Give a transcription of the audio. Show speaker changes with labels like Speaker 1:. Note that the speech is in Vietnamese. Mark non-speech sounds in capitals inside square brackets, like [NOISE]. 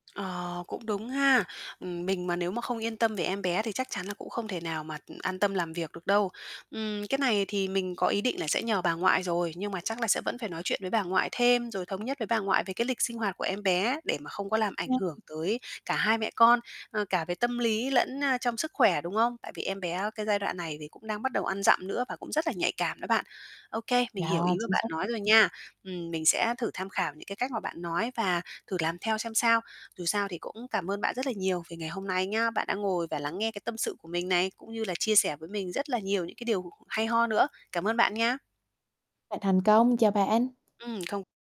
Speaker 1: Ờ, cũng đúng ha. Ừm, mình mà nếu mà không yên tâm về em bé thì chắc chắn là cũng không thể nào mà an tâm làm việc được đâu. Ừm, cái này thì mình có ý định là sẽ nhờ bà ngoại rồi, nhưng mà chắc là sẽ vẫn phải nói chuyện với bà ngoại thêm, rồi thống nhất với bà ngoại về cái lịch sinh hoạt của em bé để mà không có làm ảnh hưởng
Speaker 2: [UNINTELLIGIBLE]
Speaker 1: tới cả hai mẹ con, ờ, cả về tâm lý lẫn, a, trong sức khỏe, đúng không? Tại vì em bé cái giai đoạn này thì cũng đang bắt đầu ăn dặm nữa và cũng rất là nhạy cảm đó bạn. Ô kê, mình hiểu
Speaker 2: Yeah,
Speaker 1: ý mà
Speaker 2: chính
Speaker 1: bạn
Speaker 2: xác á.
Speaker 1: nói rồi nha. Ừm, mình sẽ thử tham khảo những cái cách mà bạn nói và thử làm theo xem sao. Dù sao thì cũng cảm ơn bạn rất là nhiều vì ngày hôm nay nha, bạn đã ngồi và lắng nghe cái tâm sự của mình này, cũng như là chia sẻ với mình rất là nhiều những cái điều hay ho nữa. Cảm ơn bạn nha.
Speaker 2: Bạn thành công, chào bạn.
Speaker 1: Ừm, không